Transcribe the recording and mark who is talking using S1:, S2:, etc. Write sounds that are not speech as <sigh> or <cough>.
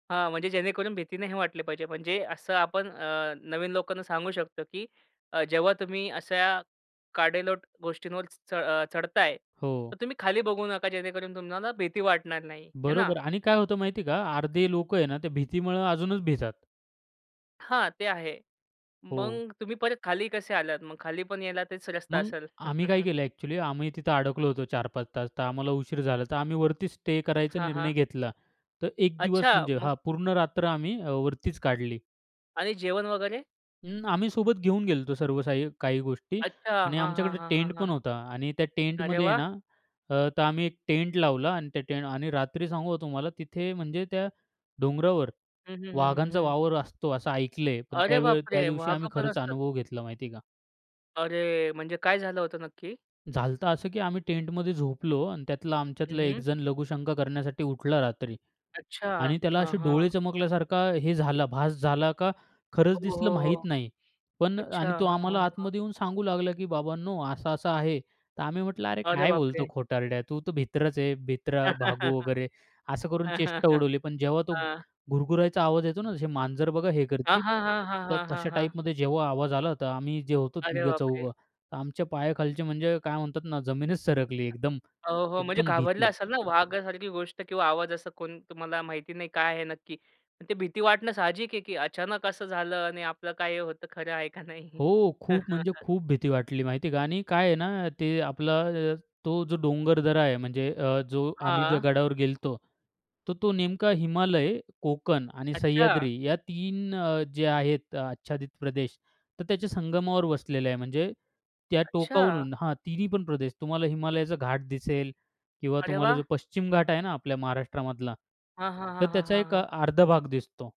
S1: हां. म्हणजे जेणेकरून भीती नाही वाटली पाहिजे. म्हणजे असं आपण अ, नवीन लोकांना सांगू शकतो की अ, जेव्हा तुम्ही अशा कडेलोट गोष्टींवरचं अ, चढताय तर
S2: हो.
S1: तुम्ही खाली बघू नका. जेणेकरून तुम्हाला भीती वाटणार नाही. आहे ना.
S2: बरोबर. आणि काय होतं माहितीये का अर्धे लोकं आहे ना, ते भीतीमुळं अजूनच भितात.
S1: हां. ते आहे.
S2: हो.
S1: मग तुम्ही परत खाली कसे आलात? मग खालीपण यायला तेच रस्ता
S2: मग
S1: असेल?
S2: आम्ही काय
S1: <laughs>
S2: केलं अ‍ॅक्चुअली आम्ही तिथं अडकलो होतो, 4-5 तास तर आम्हाला उशीर झाला, तर आम्ही वरती स्टे करायचा
S1: हां, हां.
S2: निर्णय घेतला. तर 1 दिवस
S1: अच्छा!
S2: म्हणजे
S1: मग?
S2: हां, पूर्ण रात्र आम्ही अ, वरतीच काढली.
S1: आणि जेवण वगैरे?
S2: अं, आम्ही सोबत घेऊन गेलो होतो सर्व साही काही गोष्टी.
S1: अच्छा!
S2: आणि
S1: हां, हां.
S2: आमच्याकडे
S1: हां, हां.
S2: टेंटपण
S1: हां.
S2: होता आणि त्या
S1: अरे
S2: टेंटमध्ये आहे
S1: वाह!
S2: ना, अ, तर आम्ही 1 टेंट लावला आणि त्या टेंट आणि रात्री सांगू तुम्हाला तिथे म्हणजे त्या डोंगरावर
S1: हं, हं. हं, हं.
S2: वाघांचा
S1: हं.
S2: वावर असतो असं ऐकलंय, पण
S1: अरे
S2: त्यावेळ त्या
S1: बापरे!
S2: दिवशी आम्ही
S1: वाघपण
S2: खरंच
S1: असतात.
S2: अनुभव घेतला माहिती आहे का.
S1: अरे! म्हणजे काय झालं होतं नक्की?
S2: झालंत असं की आम्ही टेंटमध्ये झोपलो आणि त्यातला
S1: हं,
S2: आमच्यातला 1
S1: हं.
S2: जण लघुशंका करण्यासाठी उठला रात्री.
S1: अच्छा.
S2: आणि त्याला
S1: हां,
S2: असे डोळे
S1: हां.
S2: चमकल्यासारखा हे झाला भास झाला का,
S1: हो.
S2: खरंच दिसलं
S1: हो. हो.
S2: माहीत नाही. पण
S1: अच्छा
S2: आणि तो
S1: हां. हां.
S2: आम्हाला
S1: हां.
S2: आतमध्ये येऊन सांगू लागला की "बाबांनो असा, असा आहे." तर आम्ही म्हटलं, "अरे
S1: अरे
S2: काय बोलतो
S1: बापरे!
S2: खोटारड्या तू तर भित्राच आहे." भित्रा भागू
S1: <laughs>
S2: वगैरे असं करून
S1: हां, हां.
S2: चेष्टा
S1: हां,
S2: उडवली, पण जेव्हा तो
S1: हां.
S2: घुरुघुरायचा आवाज येतो ना, तसे मांजर बघा हे
S1: हां,
S2: करती
S1: हां. हां, हां.
S2: तर
S1: हां, हां.
S2: तशा
S1: हां.
S2: टाइपमध्ये जेव्हा आवाज आला, तर आम्ही जे होतो
S1: अरे
S2: तिघे
S1: बापरे!
S2: चौघं आमच्या पायाखालचे म्हणजे काय म्हणतात ना जमीनच सरकली. एकदम,
S1: हो. हो. म्हणजे
S2: एकदम
S1: घाबरले
S2: भीती.
S1: असाल ना, वाघासारखी गोष्ट किंवा आवाज असा तुम्हाला माहिती नाही काय आहे नक्की. ते भीती वाटणं साहजिक आहे की अचानक असं झालं आणि आपलं काय होतं खरं आहे का नाही.
S2: हो. खूप म्हणजे
S1: <laughs>
S2: खूप भीती वाटली माहिती आहे का. आणि काय आहे ना ते आपला अ, तो जो डोंगरदरा आहे म्हणजे अ, जो आम्ही ज्या
S1: हां.
S2: गडावर गेलतो, तर तो नेमका हिमालय, कोकण आणि
S1: अच्छा.
S2: सह्याद्री या 3 अ, जे आहेत आच्छादित प्रदेश तर त्याच्या संगमावर वसलेलं आहे. म्हणजे त्या
S1: अच्छा.
S2: टोकावरून हां तिन्हीपण प्रदेश तुम्हाला हिमालयाचा घाट दिसेल किंवा
S1: अरे
S2: तुम्हाला
S1: वाह!
S2: जो पश्चिम घाट आहे ना, आपल्या महाराष्ट्रामधला
S1: हां, हां.
S2: तर
S1: हां, हां.
S2: त्याचा
S1: हां,
S2: एक अ,
S1: हां.
S2: अर्धा भाग दिसतो.